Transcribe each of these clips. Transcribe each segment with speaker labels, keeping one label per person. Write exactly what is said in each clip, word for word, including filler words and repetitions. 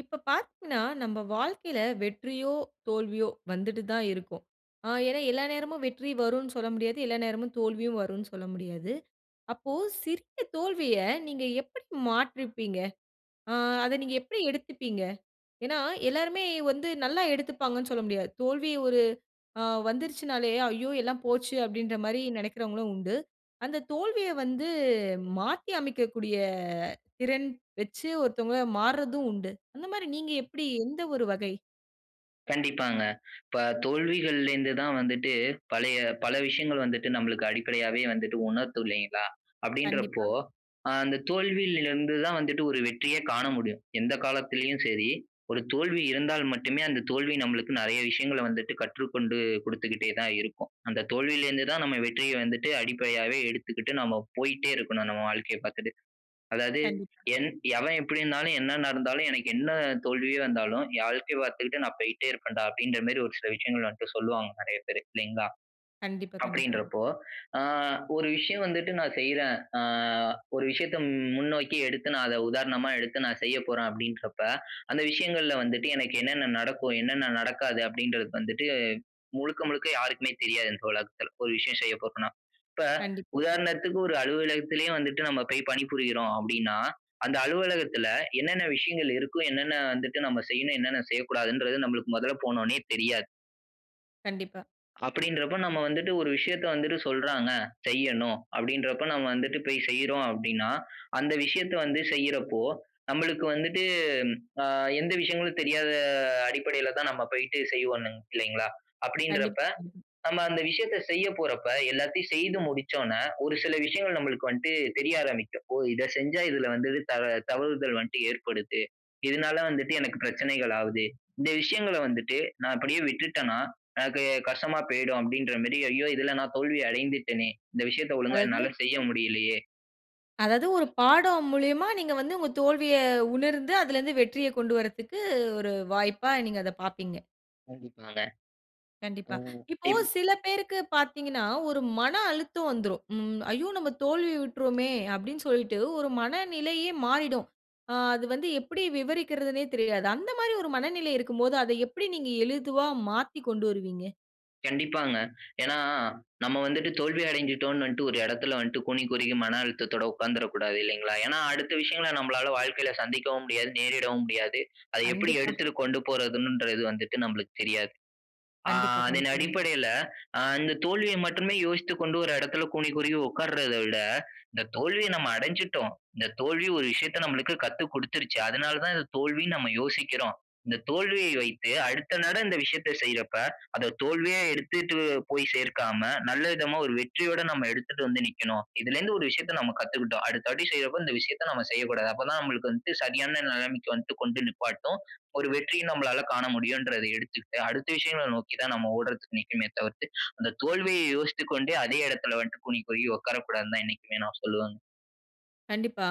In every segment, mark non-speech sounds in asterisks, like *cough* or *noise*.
Speaker 1: இப்ப பார்த்தீங்கனா, நம்ம வாழ்க்கையில வெற்றியோ, தோல்வியோ வந்துட்டு தான் இருக்கும். ஆ ஏனா எல்லா நேரமும் வெற்றி வருன்னு சொல்ல முடியாது. எல்லா நேரமும் தோல்வியும் வருன்னு சொல்ல முடியாது. அப்போ சிறிய தோல்விய நீங்க எப்பிடி மாற்றுப்பீங்க? ஆ அத நீங்க எப்பிடி எடுத்துப்பீங்க? ஏனா, எல்லோருமே வந்து நல்லா எடுத்துப்பாங்கன்னு சொல்ல முடியாது. தோல்வி ஒரு ஆ வந்துருச்சுனாலே, "ஐயோ! எல்லாம் போச்சு" அப்பிடின்ற மாரி நினைக்கிறவங்களும் உண்டு. அந்த தோல்விய வந்து மாத்தியமைக்கக்கூடிய திறன் வச்சு ஒருத்தவங்க மாற்றதும் உண்டு. அந்த மாரி நீங்க எப்பிடி எந்த ஒரு வகை?
Speaker 2: கண்டிப்பாங்க. இப்ப தோல்விகள்ல இருந்து தான் வந்துட்டு பழைய பல விஷயங்கள் வந்துட்டு நமக்கு அடிப்படையாவே வந்துட்டு உணர்த்தும் இல்லேங்களா! அப்பிடின்ற
Speaker 1: கண்டிப்பா.
Speaker 2: போ ஆ அந்த தோல்வியில இருந்து தான் வந்துட்டு ஒரு வெற்றியே காண முடியும். எந்த காலத்திலேயும் சரி, ஒரு தோல்வி இருந்தால் மட்டுமே அந்த தோல்வி நமக்கு நெறைய விஷயங்கள வந்துட்டு கற்றுக்கொண்டு குடுத்துக்கிட்டே தான் இருக்கும். அந்த தோல்வியில இருந்து தான் நம்ம வெற்றிய வந்துட்டு அடிப்படையாவே எடுத்துக்கிட்டு நம்ம போயிட்டே இருக்கணும். நம்ம வாழ்க்கைய பார்த்துட்டு. அதாவது
Speaker 1: கண்டிப்பா.
Speaker 2: என் எவன் எப்பிடினாலும், "என்ன நடந்தாலும் எனக்கு என்ன தோல்வியே வந்தாலும், என் வாழ்க்கைய பார்த்துக்கிட்டு நான் போயிட்டே இருப்பேன்டா!" அப்பிடின்ற மாரி ஒரு சில விஷயங்கள என்ட்ட சொல்லுவாங்க. நிறைய பேரு இல்லேங்களா!
Speaker 1: கண்டிப்பா, கண்டிப்பா.
Speaker 2: அப்பிடின்றப்போ ஆ ஒரு விஷயம் வந்துட்டு நான் செய்றேன். ஆ ஒரு விஷயத்த முன்னோக்கி எடுத்து நான் அத உதாரணமா எடுத்து நான் செய்ய போறேன் அப்பிடின்றப்ப அந்த விஷயங்கள்ல வந்துட்டு எனக்கு என்னென்ன நடக்கும்? என்னென்ன நடக்காது? அப்பிடின்றது வந்துட்டு முழுக்க, முழுக்க யாருக்குமே தெரியாது இந்த உலகத்துல. ஒரு விஷயம் செய்ய போறன்னா. இப்ப
Speaker 1: கண்டிப்பா.
Speaker 2: உதாரணத்துக்கு ஒரு அலுவலகத்திலே வந்துட்டு நம்ம போய் பணிபுரியிறோம் அப்பிடின்னா, அந்த அலுவலகத்தில என்னென்ன விஷயங்கள் இருக்கும்? என்னென்ன வந்துட்டு நம்ம செய்யணும, என்னென்ன செய்யக்கூடாதுன்றது நமக்கு மொதல்ல போனோனே தெரியாது.
Speaker 1: கண்டிப்பா.
Speaker 2: அப்படின்றபோ, நம்ம வந்துட்டு ஒரு விஷயத்த வந்துட்டு சொல்றாங்க, செய்யணும், அப்படின்றப்ப நாம வந்துட்டு போய் செய்றோம் அப்படினா, அந்த விஷயத்த வந்து செய்யறப்போ நம்மளுக்கு வந்துட்டு, ஆ எந்த விஷயங்களும் தெரியாத அடிப்படையில தான் நம்ம போயிட்டு செய்வோம் இல்லைங்களா? அப்படிங்கிறப்ப
Speaker 1: கண்டிப்பா கண்டி.
Speaker 2: நம்ம அந்த விஷயத்தை செய்ய போறப்ப எல்லாத்தையும் செய்து முடிச்சனோ ஒரு சில விஷயங்கள் நம்மளுக்கு வந்துட்டு தெரிய ஆரம்பிக்கும். "ஓ! இத செஞ்சா இதுல வந்து த தவறுதல் வந்துட்டு ஏற்படுது. இதனால, வந்துட்டு எனக்கு பிரச்சனைகள்லாவுது. இந்த விஷயங்கள வந்துட்டு நா அப்படியே விட்டுட்டனா எனக்கு கஷ்டமா போயிடும்" அப்படிங்கிற மேரி ஐயோ! இதுல நான் தோல்வி அடைந்துட்டனே! இந்த விஷயத்த ஒழுங்கா
Speaker 1: அதாவது
Speaker 2: என்னால செய்ய முடியலையே!
Speaker 1: அதாவது ஒரு பாடம் மூலியமா நீங்க வந்து உங்க தோல்விய உணர்ந்து, அதிலலிருந்து வெற்றிய கொண்டு வர்றதுக்கு ஒரு வாய்ப்பா நீங்க அத பாப்பீங்க.
Speaker 2: கண்டிப்பாங்க
Speaker 1: கண்டிப்பா.
Speaker 2: ம்.
Speaker 1: இப்போ
Speaker 2: இப்
Speaker 1: சில பேருக்கு பார்த்தீங்கனா ஒரு மன அழுத்தம் வந்துரும். ம். ஐயோ! நம்ம தோல்வியுற்றோமே அப்டின்னு சொல்லிட்டு ஒரு மனநிலையே மாறிடும். ஆ அது வந்து எப்படி விவரிக்கிறதுனே தெரியாது. அந்த மாரி ஒரு மனநிலை இருக்கும் போது அத எப்டி நீங்க எளிதுவா மாத்தி கொண்டு வருவீங்க?
Speaker 2: கண்டிப்பாங்க. ஏனா, நம்ம வந்துட்டு தோல்வி அடைஞ்சுட்டோம்னு ஒரு எடத்தில வந்து கூனி குறுகி மன அழுத்தத்தோடு உட்கார்ந்துடக்கூடாது இல்லைங்களா. ஏனா அடுத்த விஷயங்களை நம்மளால வாழ்க்கையில சந்திக்கவும் முடியாது நேரிடவும் முடியாது. அத எப்புடி
Speaker 1: கண்டிப்பா.
Speaker 2: எடுத்துட்டு கொண்டு போறதுகிறது வந்துட்டு நம்ளுக்கு தெரியாது. ஆ
Speaker 1: கண்டிப்பா,
Speaker 2: அதன்
Speaker 1: கண்டிப்பாங்க.
Speaker 2: அடிப்படையில ஆ இந்த தோல்விய மட்டுமே யோசித்துக்கொண்டு ஒரு எடத்தில கூனி குறுகி உட்கார்ரத விட இந்த தோல்விய நம்ம அடஞ்சுட்டோம். இந்த தோல்வி ஒரு விஷயத்த நம்மளுக்கு கத்து குடுத்துருச்சு. அதனால தான் இந்த தோல்வினு நம்ம யோசிக்கிறோம். இந்த தோல்விய வைத்து அடுத்த நட இந்த விஷயத்த செய்யறப்ப அத தோல்வியா எடுத்துட்டு போய் சேர்க்காம நல்ல விதமா ஒரு வெற்றியோட நம்ம எடுத்துட்டு வந்து நிக்கணும். இதுலேருந்து ஒரு விஷயத்த நம்ம கத்துக்கிட்டோம். அடுத்தபடி செய்றப்ப இந்த விஷயத்த நம்ம செய்யக்கூடாது. அப்ப தா நம்மளுக்கு வந்து சரியான நெலமைக்கு வந்து கொண்டு நிப்பாட்டு. ஒரு வெற்றிய நம்மளால காண முடியும்ன்றத எடுத்துக்கிட்டு அடுத்த விஷயங்கள நோக்கி தான் நம்ம ஓடுறதுக்கு நிக்கனுமே தவிர்த்து அந்த தோல்வியை யோசித்து கொண்டே அதே எடத்துல வந்துட்டு கூனி குறுகி உட்காரக்கூடாதுன்னு தான் என்னைக்குமே நான் சொல்லுவேங்க.
Speaker 1: கண்டிப்பா.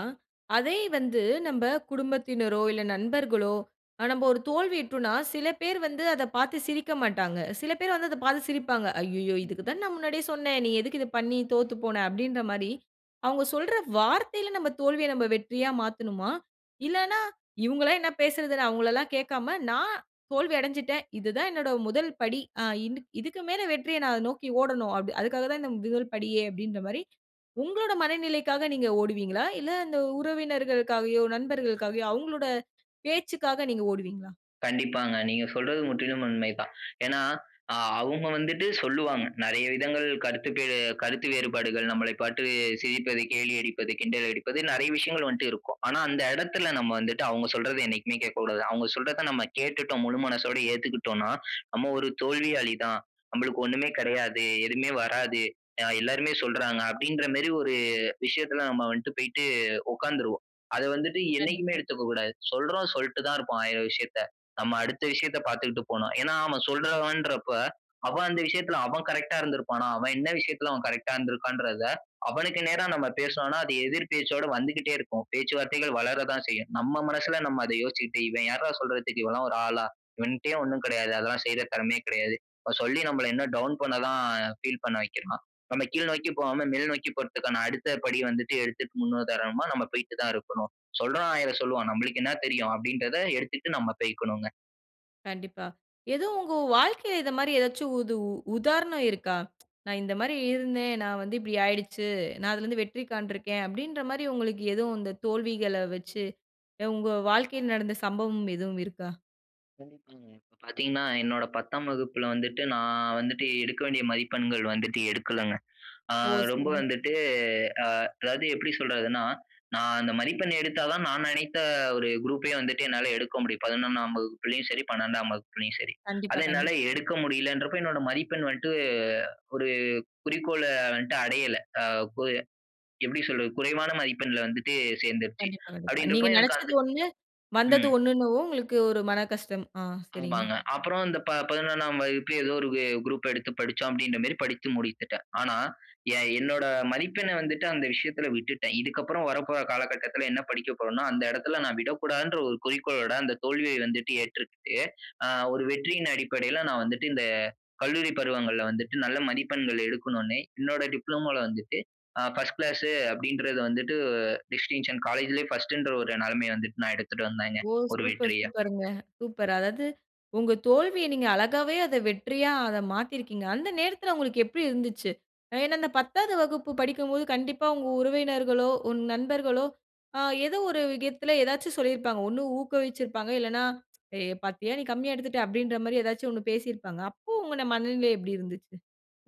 Speaker 1: அதே வந்து நம்ப குடும்பத்தினரோ, இல்ல நண்பர்களோ நம்ப ஒரு தோல்வியுற்றோனா சில பேர் வந்து அத பார்த்து சிரிக்க மாட்டாங்க. சில பேர் வந்து அத பார்த்து சிரிப்பாங்க. "அய்யய்யோ!
Speaker 2: ம்.
Speaker 1: இதுக்கு தான நா முன்னாடியே சொன்னே நீ எதுக்கு இத பண்ணி தோத்து போன?" அப்டின்ற மாரி அவங்க சொல்ற வார்த்தையில நம்ம தோல்விய நம்ம வெற்றியா மாத்தனுமா? இல்லனா. இவங்களே என்ன பேசுரது "நா அவங்கள எல்லா கேட்காம நா தோல்வி அடஞ்சுட்டேன். இது தான் என்னோட முதல் படி, ஆ இது இதுக்கு மேல வெற்றிய நா நோக்கி ஓடணும். அதுக்காக தா இந்த முதல் படியே!" அப்டின்ற மாரி உங்களுடைய மனநிலைக்காக நீங்க ஓடுவீங்களா? இல்ல இந்த உறவினர்களுக்காகயோ நண்பர்களுக்காகயோ அவங்களுடைய பேச்சுக்காக நீங்க ஓடுவீங்களா?
Speaker 2: கண்டிப்பாங்க. நீங்க சொல்றது முற்றிலும் உண்மை தான். ஏனா ஆ அவங்க வந்துட்டு சொல்லுவாங்க. நெறைய விதங்கள் கருத்துக்கு கருத்து வேறுபாடுகள் நம்மளை பார்த்து சிரிப்பது, கேலி அடிப்பது, கிண்டலடிப்பது நெறைய விஷயங்கள் வன்ட்டு இருக்கும். ஆனா அந்த எடத்தில நம்ம வந்துட்டு அவங்க சொல்றத என்னைக்குமே கேட்க கூடாது. அவங்க சொல்றத நம்ம கேட்டுட்டோம் முழு மனசோட ஏத்துக்கிட்டோனா "நம்ம ஒரு தோல்வியாளி தான். நமளுக்கு ஒண்ணுமே கெடையாது. எதுவுமே வராது. எல்லாருமே சொல்றாங்க," அப்படின்ற மேரி ஒரு விஷயத்துல நம்ம வந்துட்டு போயிட்டு உக்காந்துருவோம். அத வந்துட்டு என்னைக்குமே
Speaker 1: கண்டிப்பா.
Speaker 2: எடுத்துக்க கூடாது. சொல்றவ சொல்ட்டு தான் இருப்பான், ஆயிர விஷயத்த. நம்ம அடுத்த விஷயத்த பாத்துட்டு போணு. ஏனா அவன் சொல்றவன்றப்ப அவன் அந்த விஷயத்துல அவன் கரெக்ட்டா இருந்துருப்பானா? அவன் என்ன விஷயத்துல அவன் கரெக்ட்டா இருந்துருக்கான்றத அவனுக்கு நேரா நம்ம பேசுனோம்னா அது எதிர் பேச்சோட வந்துகிட்டே இருக்கும். பேச்சுவார்த்தைகள் வளர தா செய்யும். நம்ம மனசுல நம்ம அத யோசிச்சுட்டு, "இவன் யாருடா சொல்றதுக்கு இவன்லா ஒரு ஆளா? இவன்டயே ஒண்ணு கெடையாது அதெல்லா செய்ற திறமையே கெடையாது. இவன் சொல்லி நம்மள இன்னு டவுன் பண்ண தான் ஃபீல் பண்ண வைக்கிறான். நம்ம கீழ் நோக்கி போகாம மேல் நோக்கி போறதுக்கான அடுத்த படி வந்துட்டு எடுத்துட்டு முன்னுதாரணமா நம்ம போய்ட்டு தான் இருக்கணும். சொல்றவ ஆயிர சொல்லுவான் நம்மளுக்கு என்னா தெரியும்," அப்படிங்கறத எடுத்துட்டு நாம போய்க்கணும்ங்க.
Speaker 1: கண்டிப்பா. எதோ உங்க வாழ்க்கை இந்த மாரி ஏதாச்சும் உது உதாரணம் இருக்கா? "நான் இந்த மாரி இருந்தேன். நான் வந்து இப்பிடி ஆயிடுச்சு. நான் அதிலிருந்து வெற்றி காண்ட்ருக்கேன்" அப்டீங்குற மாரி, உங்களுக்கு எதும் இந்த தோல்விகள வச்சு, உங்க வாழ்க்கையில் நடந்த சம்பவம் எதும் இருக்கா?
Speaker 2: கண்டிப்பாங்க. இப்ப பாத்தீங்கன்னா, என்னோட பத்தாம் வகுப்புல வந்துட்டு, நா வந்துட்டு எடுக்க வேண்டிய மதிப்பெண்கள் வந்துட்டு எடுக்கலங்க. அ
Speaker 1: ஓ!
Speaker 2: ரொம்ப
Speaker 1: செரிங்க.
Speaker 2: வந்துட்டு, அ அதாவது எப்பிடி சொல்றதுன்னா, நா அந்த மதிப்பெண் எடுத்தா தான் நான் நினைத்த ஒரு குரூப் வந்துட்டு என்னால எடுக்க முடியும். பதினொன்னாம் வகுப்புலயும் சரி, பன்னிரெண்டாம் வகுப்புலயும் சரி. அத
Speaker 1: கண்டிப்பா,
Speaker 2: என்னால
Speaker 1: கண்டிப்பா.
Speaker 2: எடுக்க முடியலன்றப்ப என்னோட மதிப்பெண் வந்துட்டு அ, ஒரு குறிக்கோள வந்துட்டு அடையல. அ கு எப்படி சொல்றது? குறைவான மதிப்பெண்ல வந்துட்டு சேர்ந்துருச்சி.
Speaker 1: கண்டிப்பா, கண்டிப்பா. நீங்க
Speaker 2: அப்படின்றப்ப
Speaker 1: நெனைச்சது
Speaker 2: அது
Speaker 1: ஒண்ணு, வந்தது
Speaker 2: ம்.
Speaker 1: ஒண்ணுன்னவும் உங்களுக்கு ஒரு மனக்கஷ்டம். ஆ. செரிங்க.
Speaker 2: ஆமாங்க. அப்பறம் இந்த ப பதினொன்னாம் வகுப்பு ஏதோ ஒரு வெ குரூப் எடுத்து படிச்சோம் அப்டீங்குற மேரி படித்து முடித்திட்டேன். ஆனா ஏன் என்னோட மதிப்பெண்ணை வந்துட்டு அந்த விஷயத்துல விட்டுட்டேன். இதுக்கப்பறம் வரப்போற காலகட்டத்துல என்ன படிக்க போறோம்னா, அந்த எடத்துல நான் விடக்கூடாதுங்குற ஒரு குறிக்கோளோட அந்த தோல்விய வந்துட்டு ஏற்றுக்கிட்டு, அ ஒரு வெற்றியின் அடிப்படையில நான் வந்துட்டு, இந்த கல்லூரி பருவங்கள்ல வந்துட்டு நல்ல மதிப்பெண்கள் எடுக்கணும்னு, என்னோட டிப்ளோமோவுல வந்துட்டு, அ பர்ஸ்ட் கிளாசு அப்டீங்குறது வந்துட்டு, டிஸ்டிங்ஷன் காலேஜ்ல பர்ஸ்ட்ன்ற ஒரு நெலைமயை வந்துட்டு நான் எடுத்துட்டு வந்தேங்க,
Speaker 1: ஓ!
Speaker 2: ஒரு
Speaker 1: சூப்பர்,
Speaker 2: வெற்றியா.
Speaker 1: சூப்பர்ங்க. சூப்பர். அதாவது உங்க தோல்விய நீங்க அழகாவே அத வெற்றியா அத மாத்தியிருக்கீங்க. அந்த நேரத்துல உங்களுக்கு எப்பிடி இருந்துச்சு? ஏன்னா, அந்த பத்தாவது வகுப்பு படிக்கும்போது கண்டிப்பா உங்க உறவினர்களோ, உங்க நண்பர்களோ, அ ஏதோ ஒரு விதத்துல ஏதாவது சொல்லிருப்பாங்க. ஒண்ணு ஊக்குவிச்சிருப்பாங்க, இல்லேன்னா "ஏ பாத்தியா! நீ கம்மியா எடுத்துட்ட" அப்டீன்ற மாரி ஏதாவது ஒண்ணு பேசிருப்பாங்க. அப்போ, உங்க மனநிலை எப்டி இருந்துச்சு?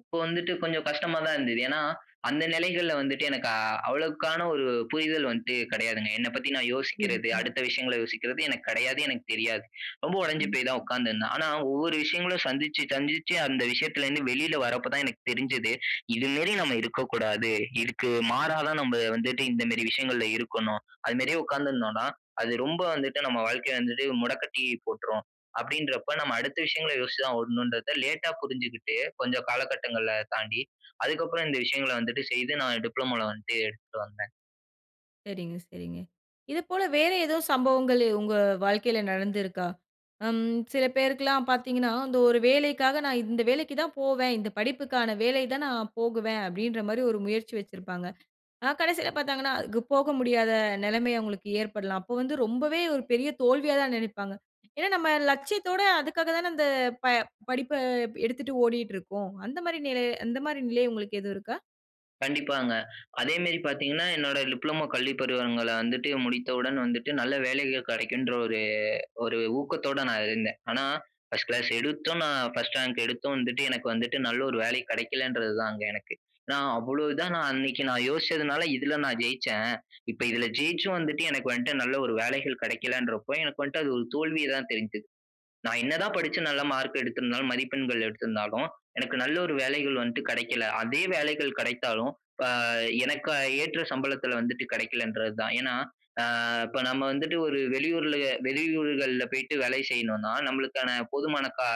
Speaker 2: இப்ப வந்துட்டு கொஞ்சம் கஷ்டமா தான் இருந்தது. ஏன்னா அந்த நெலைகள்ல வந்துட்டு எனக்கு அ அவ்வளவுக்கான ஒரு புரிதல் வந்துட்டு கெடையாதுங்க. என்னை பத்தி நான் யோசிக்கிறது,
Speaker 1: *unintelligible*
Speaker 2: அடுத்த விஷயங்கள யோசிக்குறது, எனக்கு கெடையாது. எனக்கு தெரியாது. ரொம்ப ஒடைஞ்சு
Speaker 1: ம்.
Speaker 2: போய் தான் உட்கார்ந்துருந்தேன். ஆனா ஒவ்வொரு விஷயங்களும் சந்திச்சு, சந்திச்சு, அந்த விஷயத்லருந்து வெளியில வர்றப்ப தான் எனக்கு தெரிஞ்சது. இது மேரி நம்ம இருக்ககூடாது. இதுக்கு மாறா தான் நம்ம வந்துட்டு இந்த மேரி விஷயங்கள்ல இருக்கணும். அது மாரியே உட்கார்ந்துருந்தோன்னா அது ரொம்ப வந்துட்டு நம்ம வாழ்க்கை வந்து முடக்கட்டி போட்றும். அப்டின்றப்போ நம்ம அடுத்த விஷயங்கள யோசிச்சு தான் ஓடணும்ன்றத, லேட்டா புரிஞ்சுகிட்டு, கொஞ்சம் காலகட்டங்கள தாண்டி, அதுக்கு அப்புறம் இந்த விஷயங்கள வந்துட்டு செய்து நான் டிப்ளோமா வந்துட்டு எடுத்துட்டு வந்தேன்.
Speaker 1: சரிங்க சரிங்க. இதுப்போல வேற ஏதோ சம்பவங்கள், உங்க வாழ்க்கையில நடந்திருக்கா? ம் சில பேருக்குலாம் பார்த்தீங்கன்னா, இந்த ஒரு வேலைக்காக நான் இந்த வேலைக்கு தான் போவேன், இந்த படிப்புக்கான வேலை தான் நான் போகுவேன், அப்டின்ற மாரி ஒரு முயற்சி வச்சிருப்பாங்க. ஆனா கடைசியில பார்த்தாங்கன்னா அதுக்கு போக முடியாத நெலைம அவுங்களுக்கு ஏற்படலாம். அப்ப வந்து ரொம்பவே ஒரு பெரிய தோல்வியா தான் நெனைப்பாங்க ஏன்னா நம்ம லட்சியத்தோட அதுக்காக தானே அந்த படிப்ப எடுத்துட்டு ஓடிட்டு இருக்கோம். அந்த மாரி நெலை அந்த மாதிரி நிலை உங்களுக்கு எதுவும் இருக்கா?
Speaker 2: கண்டிப்பாங்க அதே மேரி பாத்தீங்கன்னா, என்னோட டிப்ளமோ கல்விப் பருவங்கள வந்துட்டு முடித்தவுடன் வந்துட்டு, நல்ல வேலைகள் கெடைக்குன்ற ஒரு ஒரு ஊக்கத்தோட நான் இருந்தேன். ஆனா, பர்ஸ்ட் கிளாஸ் எடுத்தும், நான் பர்ஸ்ட் ரேங்க் எடுத்தும் வந்துட்டு எனக்கு வந்துட்டு நல்ல ஒரு வேலை கெடைக்கலன்றது தான், அங்க எனக்கு. ஏன்னா அவ்ளோ இதா, நான் அன்னைக்கி நான் யோசிச்சதுனால இதுல நான் ஜெயிச்சேன், இப்ப இதுல ஜெயிச்சும் வந்துட்டு, எனக்கு வந்த்துட்டு நல்ல ஒரு வேலைகள் கெடைக்கலன்றப்போ, எனக்கு வந்த்ட்டு அது ஒரு தோல்விய தான் தெரிது. நான் என்ன தான் படிச்சு நல்ல மார்க் எடுத்திருந்தாலும், மதிப்பெண்கள் எடுத்திருந்தாலும், எனக்கு நல்ல ஒரு வேலைகள் வந்துட்டு கெடைக்கல! அப்டியே வேலைகள் கெடைத்தாலும் அ எனக்கு ஏற்ற சம்பளத்துல வந்துட்டு கெடைக்கலன்றது தான். ஏன்னா, அ இப்ப நம்ம வந்துட்டு ஒரு வெளியூர்ல வெளியூர்கள்ல போயிட்டு வேலை செய்யணுன்னா, நம்மளுக்கான போதுமான கா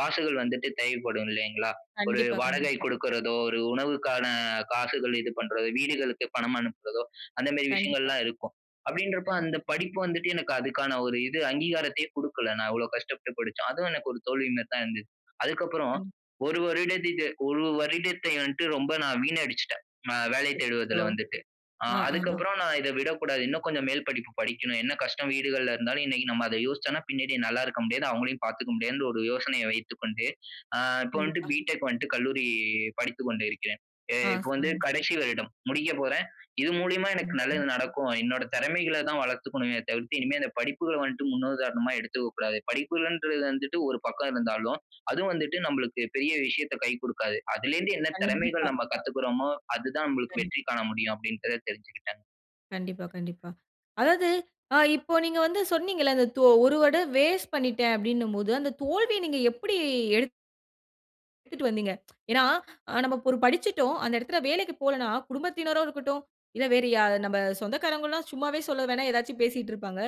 Speaker 2: காசுகள் வந்துட்டு தேவைப்படும் இல்லைங்களா? ஒரு
Speaker 1: கண்டிப்பா
Speaker 2: வாடகை
Speaker 1: கண்டிப்பா.
Speaker 2: குடுக்கறதோ, ஒரு உணவுக்கான காசுகள் இது பண்றதோ, வீடுகளுக்கு பணம் அனுப்புறதோ, அந்த மேரி
Speaker 1: கண்டிப்பா.
Speaker 2: விஷயங்கள்லாம் இருக்கும். அப்டின்றப்போ அந்த
Speaker 1: *unintelligible*
Speaker 2: படிப்பு வந்துட்டு எனக்கு அதுக்கான ஒரு இது அங்கீகாரத்தையே குடுக்கல, நான் இவ்ளோ கஷ்டப்பட்டு படிச்சும். அதுவும் எனக்கு ஒரு தோல்வி மேரிதான் இருந்துச்சு. அதுக்கு அப்புறம்
Speaker 1: கண்டி
Speaker 2: ஒரு வருதட்டிட்டு ஒரு வருடத்தை வந்துட்டு ரொம்ப நான் வீணடிச்சுட்டேன். அ வேலை
Speaker 1: அச்சசோ!
Speaker 2: தேடுவதுல வந்துட்டு. அ
Speaker 1: ஆ ஆ,
Speaker 2: அதுக்கு அப்புறம் நான் இத விடக்கூடாது இன்னும் கொஞ்சம் மேல் படிப்பு படிக்கணும். என்ன கஷ்டம் வீடுகள்ல இருந்தாலும், இன்னைக்கி நம்ம அத யோசிச்சோன்னா, பின்னாடி நல்லா இருக்க முடியாது. அவுங்களையும் பாத்துக்க முடியாதுன்ட்டு ஒரு யோசனைய வைத்துக்கொண்டு, அ இப்ப வந்துட்டு
Speaker 1: கண்டிப்பா.
Speaker 2: பி.டெக் வந்துட்டு கல்லூரி, படித்து கொண்டு இருக்கிறேன். அ
Speaker 1: ஆ!
Speaker 2: இப்ப வந்து
Speaker 1: சரிங்க.
Speaker 2: கடைசி வருடம் முடிக்க போறேன். இது மூலியமா எனக்கு
Speaker 1: சரிங்க.
Speaker 2: நல்லது நடக்கும். என்னோட தெறமைகள தான் வளத்துக்கணுமே தவிர்த்து, இனிமே இந்த படிப்புகள வந்து முன்னுதாரணமா எடுத்துக்க கூடாது. படிப்புகள்ன்றது வந்துட்டு ஒரு பக்கம் இருந்தாலும், அதும் வந்துட்டு நம்பளுக்கு பெரிய விஷயத்த கை குடுக்காது. அதுலேருந்து என்ன தெறமைகள்
Speaker 1: கண்டிப்பா.
Speaker 2: நம்ம கத்துக்குறோமோ, அது தான் நம்பளுக்கு
Speaker 1: கண்டி
Speaker 2: வெற்றி காண முடியும், அப்டின்றத தெரிஞ்சுகிட்டேன்.
Speaker 1: கண்டிப்பா கண்டிப்பா. அதாவது ஆ இப்போ நீங்க வந்து சொன்னீங்கல்ல, அந்த தோ ஒரு வருட வேஸ்ட் பண்ணிட்டேன் அப்டினும் போது அந்த தோல்விய நீங்க எப்டி? எடுத் *unintelligible* வந்தீங்க *tsk* ஏன்னா, நம்ம ஒரு படிச்சிட்டோம் அந்த இடத்துல வேலைக்கு போலன்னா, குடும்பத்தினரோ இருக்கட்டும், இல்ல வேறு யா நம்ம சொந்தக்காரவங்கல்லாம் சும்மாவே சொல்ல வேணா, ஏதாச்சும் பேசிக்கிட்டு இருப்பாங்க.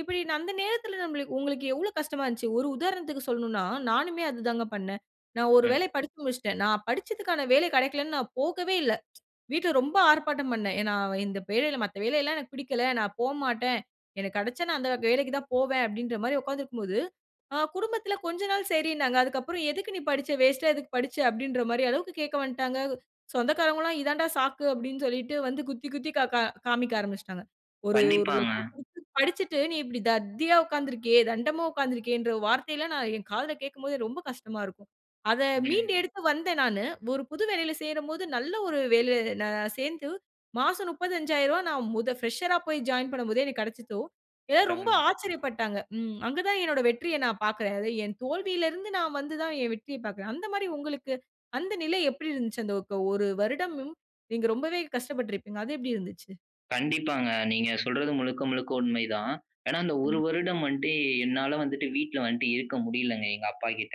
Speaker 1: இப்பிடி நந்த நேரத்துல நம்மளுக் உங்களுக்கு எவ்ளோ கஷ்டமா இருந்துச்சு. ஒரு உதாரணத்திற்கு சொல்லணுன்னா, நானுமே அது தான் பண்னேன். நான் ஒரு
Speaker 2: அ.
Speaker 1: வேலை படிச்சு முடிச்சுட்டேன். நான் படிச்சதுக்கான வேலை கெடைக்கலன்னு நான் போகவே இல்ல *tsk* வீட்ல ரொம்ப ஆர்ப்பாட்டம் பண்னேன். ஏன்னா, இந்த பேலையில மத்த வேலை எல்லாம் எனக்கு புடிக்கல. நான் போமாட்டேன், எனக்கு கெடைச்சா நான் அந்த வேலைக்கு தான் போவேன். அப்பிடின்றமாரி உட்கார்ந்துருக்கும்போது, ஆ குடும்பத்துல கொஞ்சம் நாள் சரின்னாங்க. அதுக்கப்புறம் எதுக்கு நீ படிச்ச? வேஸ்ட்டா எதுக்கு படிச்ச? அப்பிடின்றமாரி அளவுக்கு கேக்க வந்டாங்க சொந்தக்காரங்கவுல்லாம் இதுதான்டா சாக்கு அப்பிடின்னு சொல்லிட்டு வந்து குத்தி, குத்தி கா கா காண்பிக்க ஆரம்பிச்சுட்டாங்க. ஒரு, ஒரு
Speaker 2: கண்டிப்பாங்க.
Speaker 1: லட்சம் குடுத்து படிச்சிட்டு நீ இப்பழடி தத்தியா உட்கார்ந்துருக்கியே தண்டமா உட்கார்ந்துருக்கியேன்ற வார்த்தைல்லாம் நான் என் காதுல கேட்கும்போது ரொம்ப கஷ்டமா இருக்கும். அத மீண்டு
Speaker 2: ம்.
Speaker 1: எடுத்து வந்தேன் நானு. ஒரு புது வேலையில சேரும் போது நல்ல ஒரு வேலை நான் சேர்ந்து மாசம் முப்பத்தி அஞ்சாயிரம் ரூபாய் நான் முத ஃபிரஷரா போய் ஜாயின் பண்ணும் போதே, எனக்கு கெடைச்சுச்சோ! ஏ ரொம்ப
Speaker 2: பரவால்லயே!
Speaker 1: ஆச்சரியபட்டாங்க. ம் அங்க தான் என்னுடைய வெற்றிய நான் பார்க்றேன். அது என் தோல்வியில இருந்து நான் வந்து தான் என் வெற்றிய பார்க்குறேன். அந்தமாரி உங்களுக்கு அந்த நிலை எப்பிடி இருந்துச்சு? அந்த க ஒரு வருடமும் நீங்க ரொம்பவே கஷ்டப்பட்ருப்பீங்க, அது எப்பிடி இருந்துச்சு?
Speaker 2: கண்டிப்பாங்க. நீங்க சொல்றது முழுக்க முழுக்க உண்மைதான். ஏனா அந்த ஒரு
Speaker 1: கண்டிப்ப
Speaker 2: வருடம் வந்துட்டு என்னால வந்துட்டு வீட்ல வந்துட்டு இருக்க முடியலங்க, எங்க அப்பா கிட்ட.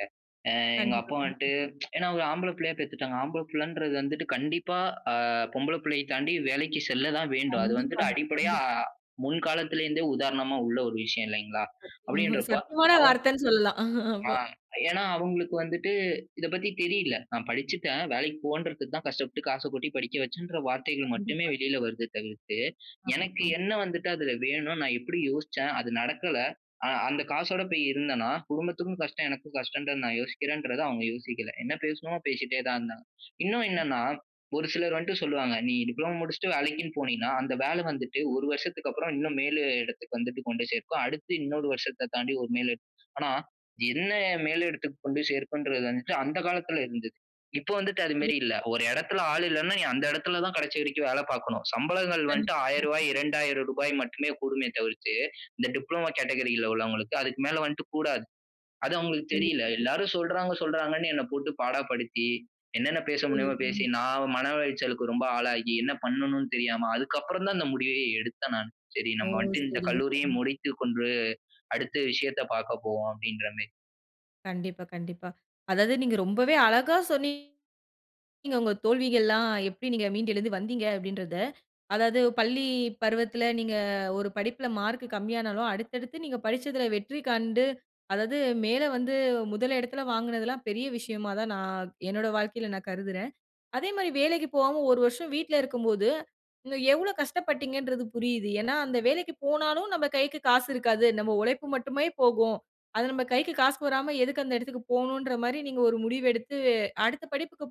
Speaker 2: ஆ எங்க
Speaker 1: கண்டிப்பா,
Speaker 2: அப்பா
Speaker 1: கண்டிப்பா.
Speaker 2: வந்துட்டு *tsk* ஏனா ஒரு ஆம்பள புள்ளைய பெத்துட்டாங்க. ஆம்பள புள்ளைன்றது வந்துட்டு கண்டிப்பா, ஆ பொம்பள புள்ளையை தாண்டி வேலைக்கு செல்ல தான் வேண்டும். அது வந்துட்டு
Speaker 1: கண்டிப்பாங்க,
Speaker 2: அடிப்படையா
Speaker 1: கண்டிப்ப
Speaker 2: முன்காலத்துலேருந்தே உதாரணமா உள்ள ஒரு விஷயம் இல்லைங்களா,
Speaker 1: சத்திய
Speaker 2: அப்டின்றப்போ
Speaker 1: சத்தியமான
Speaker 2: அவ்
Speaker 1: வார்த்தைன்னு சொல்லலாம்
Speaker 2: ஆ.
Speaker 1: அப்போ.
Speaker 2: ஏனா அவங்களுக்கு வந்துட்டு இத பத்தி தெரியல. நான் படிச்சுட்டேன். வேலைக்கு போன்றதுக்கு தான் கஷ்டப்பட்டு காசை கொட்டி படிக்க வைச்சேன் என்ற வார்த்தைகள் மட்டுமே
Speaker 1: கண்டிப்பா.
Speaker 2: வெளில வருது தவிர்த்து.
Speaker 1: ஆமா,
Speaker 2: எனக்கு
Speaker 1: ஆம்.
Speaker 2: என்ன வந்துட்டு ''அதுல வேணும் நான் எப்டி யோசிச்சேன் அது நடக்கல அந்த காசோட போய் இருந்தேனா, குடும்பத்துக்கும் கஷ்டம் எனக்கும் கஷ்டன்ற நான் யோசிக்கிறேன்றத அவங்க யோசிக்கல. என்ன பேசணுமோ பேசிட்டே தான் இருந்தாங்க. இன்னும் என்னனா, ஒரு சிலர் வந்துட்டு சொல்லுவாங்க, "நீ டிப்ளோமா முடிச்சுட்டு வேலைக்கினு போனீனா அந்த வேல வந்துட்டு ஒரு வருஷத்துக்கு, அப்புறம் இன்னும் மேலு இடத்துக்கு வந்துட்டு கொண்டு சேர்க்கும். அடுத்து இன்னொரு வருஷத்த தாண்டி ஒரு நிலை. ஆனா என்ன மேல இடத்துக்கு கொண்டு சேர்க்குன்றது, அந்த காலத்துல இருந்தது. இப்ப வந்துட்டு
Speaker 1: *unintelligible*
Speaker 2: அதுமேரி இல்ல. "ஒரு இடத்துல ஆள் இல்லனா நீ அந்த இடத்துல தான் கடைசி வரைக்கும் வேல பாக்கணும். சம்பளங்கள் வந்ட்டு
Speaker 1: கண்டிப்பா,
Speaker 2: ஆயிரம் ரூவா
Speaker 1: கண்டிப்பா.
Speaker 2: இரண்டாயிரம் ரூபாய் மட்டுமே கூடுமே தவிர்த்து. இந்த டிப்ளோமா கேட்டகரில உள்ளவங்களுக்கு அதுக்கு மேல வந்துட்டு கூடாது. அது அவங்களுக்கு
Speaker 1: கண்டிப்பா.
Speaker 2: தெரியல எல்லாரும் சொல்றாங்க, சொல்றாங்கன்னு என்ன போட்டு பாடப்படுத்தி என்னென்ன பேச
Speaker 1: புரியிது,
Speaker 2: முடியுமோ பேசி.
Speaker 1: புரியிது.
Speaker 2: நான் மன உளைச்சலுக்கு ரொம்ப ஆளாகி என்ன பண்ணனும்னு தெரியாம, அதுக்கப்புறம் தான் இந்த முடிவயே எடுத்தேன் நானு. சரி
Speaker 1: ஓ!
Speaker 2: நம்ம வந்துட்டு இந்த
Speaker 1: சரிங்க,
Speaker 2: கல்லூரியை
Speaker 1: சரிங்க.
Speaker 2: முடித்து கொண்டு அடுத்த விஷயத்த பார்க்க போவோம் அப்டின்றமேரி.
Speaker 1: கண்டிப்பா, கண்டிப்பா. அதாவது நீங்க ரொம்பவே அழகா சொன்னீங்க நீங்க உங்க தோல்விகள்லாம் எப்டி நீங்க மீண்டு எழுந்து வந்தீங்க அப்டின்றத. அதாவது பள்ளி பருவத்துல நீங்க ஒரு படிப்புல மார்க் கம்மியா ஆனாலும் அடுத்தடுத்து நீங்க படிச்சதுல வெற்றி காண்டு. அதாது மேல வந்து முதல் இடத்துல வாங்குனதெல்லாம் பெரிய விஷயமா தான் நான் என்னோட வாழ்க்கையில நான் கருதுறேன். அதேமாரி வேலைக்கு போவாம ஒரு வருஷம் வீட்ல இருக்கும்போது நீங்க எவ்வளோ கஷ்டப்பட்டீங்கன்றது புரியுது. ஏனா அந்த வேலைக்கு போனாலும் நம்ம கைக்கு காசு இருக்காது நம்ம உழைப்பு மட்டுமே போகும். அது நம்ப கைக்கு காசு வராம எதுக்கு அந்த இடத்துக்கு போகணுன்ற மாரி நீங்க ஒரு முடிவு எடுத்து அடுத்த படிப்புக்கு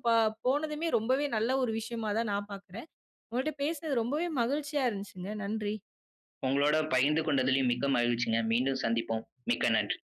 Speaker 1: போனதுமே ரொம்பவே நல்ல ஒரு விஷயமா தான் நான் பார்க்குறேன். உங்கக்கிட்ட பேசனது ரொம்பவே மகிழ்ச்சியா இருந்துச்சுங்க நன்றி.
Speaker 2: உங்களோட பகிர்ந்து கொண்டதிலும் மிக்க மகிழ்ச்சிங்க. மீண்டும் சந்திப்போம். மிக்க நன்றி.